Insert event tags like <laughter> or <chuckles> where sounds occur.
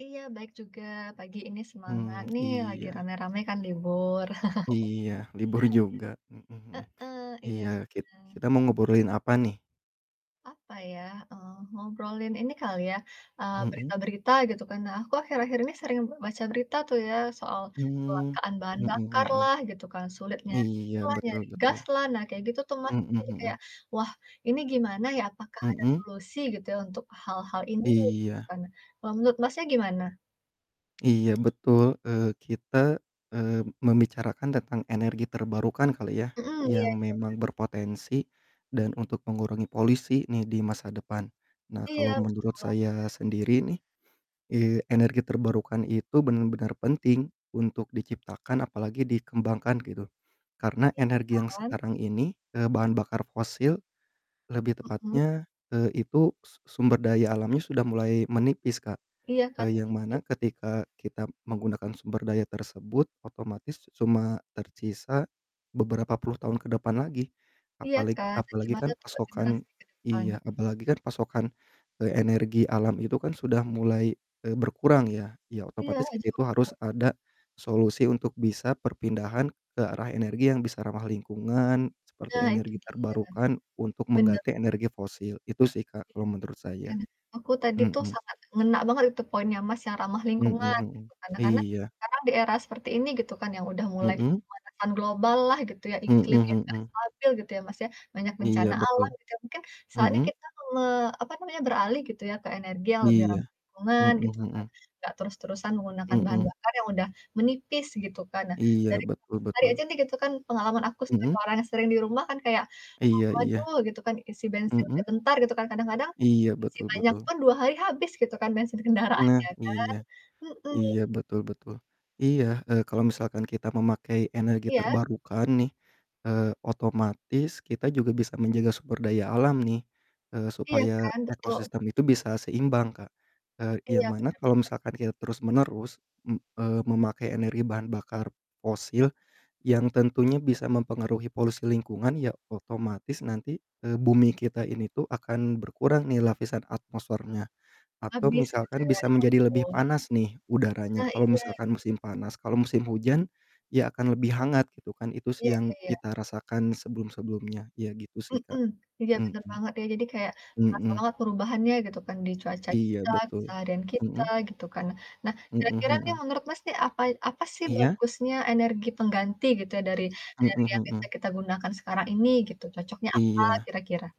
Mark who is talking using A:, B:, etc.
A: Iya, baik juga, pagi ini semangat
B: Mmm,
A: nih, lagi
B: iya.
A: rame-rame kan libur. <chuckles>
B: Iya. Libur juga, mhm mhm.
A: Heeh, iya
B: Iya,
A: bener.
B: kit kita mau ngobrolin apa nih?
A: Apa ya? Eee, ngobrolin ini kali ya, eee,
B: Mhm.
A: berita-berita, gitu kan. Nah, aku akhir-akhir ini sering be baca berita tuh ya soal
B: Mmm,
A: kecelakaan bahan
B: mhm
A: bakar
B: mhm.
A: lah gitu kan, sulit nyari
B: Iya
A: inilah
B: betul
A: nyari
B: betul.
A: gas lah, nah kayak gitu tuh Mas.
B: Mhm
A: Jadi
B: mhm.
A: kayak, "Wah, ini gimana ya, apakah ada
B: Mhm.
A: solusi gitu ya untuk hal-hal ini?" Gitu
B: Iya.
A: kan. Kalo, menurut Masnya gimana?
B: Iya betul. Eee, kita, eee, membicarakan tentang energi terbarukan kali ya
A: Mhm, iya
B: yang
A: iya iya.
B: memang berpotensi dan untuk mengurangi polisi nih di masa depan. Nah
A: Iya
B: kalau
A: betul.
B: menurut saya sendiri nih, eee, energi terbarukan itu bener-bener penting untuk diciptakan apalagi dikembangkan gitu. Karena
A: Iya
B: energi yang
A: kan.
B: sekarang ini, eee, bahan bakar fosil lebih
A: Mhm.
B: tepatnya, eee, itu su sumber daya alamnya sudah mulai menipis Kak.
A: Iya kan.
B: Eee, yang
A: I
B: mana ketika kita menggunakan sumber daya tersebut, otomatis cuma tersisa beberapa puluh tahun ke depan lagi.
A: Iya
B: Apaleg
A: kan. Nah
B: apalagi
A: gimana
B: kan
A: buat tuh buat generasi
B: pasokan
A: ke depan?
B: iya, apalagi kan pasokan, eee, energi alam itu kan sudah mulai, eee, berkurang ya, ya
A: Iya,
B: otomatis
A: jauh
B: itu harus
A: berkurang.
B: ada solusi untuk bisa perpindahan ke arah energi yang bisa ramah lingkungan, seperti
A: Nah itu
B: energi
A: dia.
B: terbarukan untuk
A: Bener
B: mengganti energi fosil. Itu sih Kak kalo menurut
A: Iya.
B: saya.
A: Aku tadi tuh
B: Mhm.
A: sangat ngena banget itu poinnya Mas yang ramah
B: Mhm
A: lingkungan
B: mhm.
A: itu. Karena karena,
B: Iya.
A: sekarang di era seperti ini gitu kan yang udah mulai
B: Mhm.
A: pemanasan global lah gitu ya
B: Mhm
A: iklim yang gak
B: mhm.
A: stabil gitu ya Mas ya, banyak
B: Iya
A: bencana alam
B: betul.
A: gitu ya mungkin soalnya
B: Mhm.
A: kita me apa namanya, beralih gitu ya ke energi yang lebih ramah
B: Iya.
A: lingkungan,
B: Mhm
A: gitu kan.
B: mhm.
A: Gak terus-terusan menggunakan bahan
B: Mhm.
A: bakar yang udah menipis gitu kan. Nah,
B: Iya
A: dari
B: betul
A: tadi
B: betul.
A: aja nih gitu kan pengalaman aku sebagai
B: Mhm.
A: orang yang sering di rumah kan kayak, mmm,
B: Iya iya.
A: waduh gitu kan isi bensin
B: Mhm.
A: sebentar gitu kan kadang-kadang,
B: Iya
A: isi
B: betul
A: banyak
B: betul.
A: pun 2 hari habis gitu kan bensin kendaraan
B: Nah
A: ya kan.
B: iya,
A: Mhm.
B: iya betul betul. Iya, eee, kalau misalkan kita memakai energi
A: Iya.
B: terbarukan nih, eee, otomatis kita juga bisa menjaga sumber daya alam nih. Eee,
A: Iya
B: supaya
A: kan, betul.
B: ekosistem itu bisa seimbang Kak. Eee, yang
A: Iya
B: mana
A: Bener
B: kalau
A: bener.
B: misalkan kita terus-menerus, m eee, memakai energi bahan bakar fosil yang tentunya bisa mempengaruhi polusi lingkungan ya otomatis nanti, eee, bumi kita ini tuh akan berkurang nih lapisan atmosfernya. Atau
A: Habis, gitu
B: misalkan
A: ya,
B: bisa
A: ya
B: menjadi lebih
A: ampun.
B: panas nih udaranya,
A: Nah
B: kalau
A: iya.
B: misalkan musim panas, kalau musim hujan ya akan lebih hangat gitu kan. Itu
A: Iya.
B: sih
A: Iya iya
B: yang
A: iya.
B: kita rasakan sebelum-sebelumnya. Ya gitu sih Kak.
A: Mhm. Iya, bener
B: Mhm.
A: banget ya. Jadi kayak terasa
B: Mhm.
A: banget perubahannya gitu kan di cuaca
B: Iya
A: kita
B: betul.
A: misalnya dengan kita,
B: Mhm.
A: gitu kan nah. Nah,
B: Mhm
A: kira-kira nih
B: mhm.
A: menurut Mas nih apa apa sih
B: Iya.
A: bagusnya energi pengganti gitu ya dari dari
B: Mhm
A: yang biasa
B: mhm.
A: kita gunakan sekarang ini gitu, cocoknya apa
B: Iya.
A: kira-kira?